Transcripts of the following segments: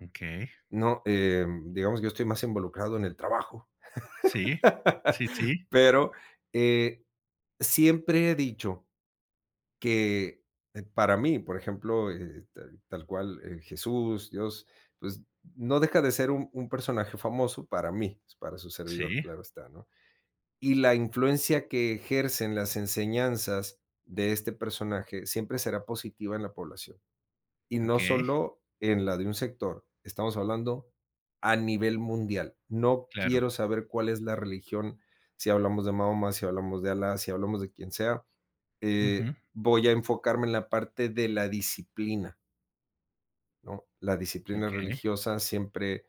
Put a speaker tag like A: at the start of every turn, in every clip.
A: Okey.
B: No, em, digamos que yo estoy más involucrado en el trabajo.
A: Sí. Sí, sí.
B: Pero, eh, siempre he dicho que para mí, por ejemplo, eh, tal tal cual, eh, Jesús, Dios, pues, no deja de ser un un personaje famoso para mí, pues, para su servidor,
A: Sí.
B: claro está, ¿no? Y la influencia que ejercen las enseñanzas de este personaje siempre será positiva en la población, y no
A: Okey.
B: solo en la de un sector, estamos hablando a nivel mundial. No
A: Claro.
B: quiero saber cuál es la religión, si hablamos de Mahoma, si hablamos de Allah, si hablamos de quien sea, eh,
A: Ujú.
B: voy a enfocarme en la parte de la disciplina ¿no? La disciplina
A: Okey.
B: religiosa siempre,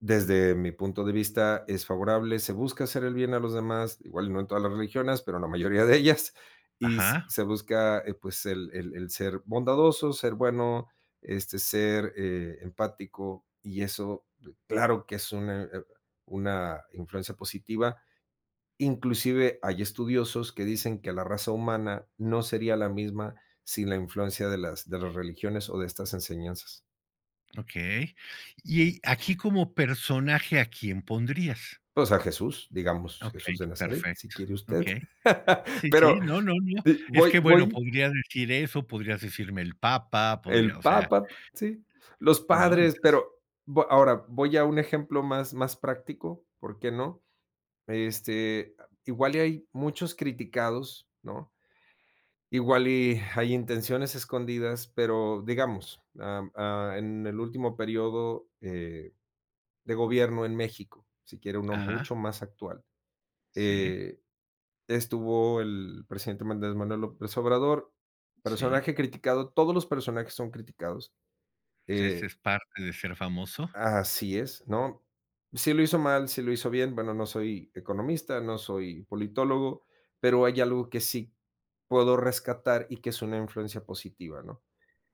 B: desde mi punto de vista, es favorable, se busca hacer el bien a los demás, igual y no en todas las religiones, pero la mayoría de ellas, y
A: Ajá.
B: se busca, eh, pues, el el el ser bondadoso, ser bueno, este, ser, eh, empático, y eso, b claro que es una una influencia positiva. Inclusive hay estudiosos que dicen que la raza humana no sería la misma sin la influencia de las de las religiones o de estas enseñanzas.
A: Okey. Y aquí, como personaje, ¿a quién pondrías?
B: Pues, a Jesús, digamos, Jesús
A: Okey,
B: de Nazaret, si
A: perfecto.
B: quiere usted.
A: Okey. Sí,
B: Pero
A: sí, no, no, no,
B: d
A: es
B: voy
A: que, bueno,
B: voy
A: podrías decir eso, podrías decirme el Papa, podrías
B: El
A: o sea
B: Papa, sí, los
A: ¿No?
B: padres,
A: Entonces
B: pero, vo ahora, voy a un ejemplo más más práctico, ¿por qué no? Este, igual y hay muchos criticados, ¿no? Igual, y hay intenciones escondidas, pero digamos, ah, ah, en el último período, eh, de gobierno en México, si quiere uno
A: Ajá.
B: mucho más actual,
A: Sí.
B: eh, estuvo el presidente Andrés Manuel López Obrador,
A: Sí.
B: personaje criticado, todos los personajes son criticados,
A: O sea, ¿eso
B: eh
A: es parte de ser famoso?
B: Así es, ¿no? Si lo hizo mal, si lo hizo bien, bueno, no soy economista, no soy politólogo, pero hay algo que sí puedo rescatar y que es una influencia positiva, ¿no?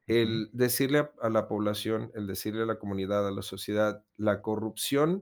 A: Ujú.
B: El decirle a a la población, el decirle a la comunidad, a la sociedad, la corrupción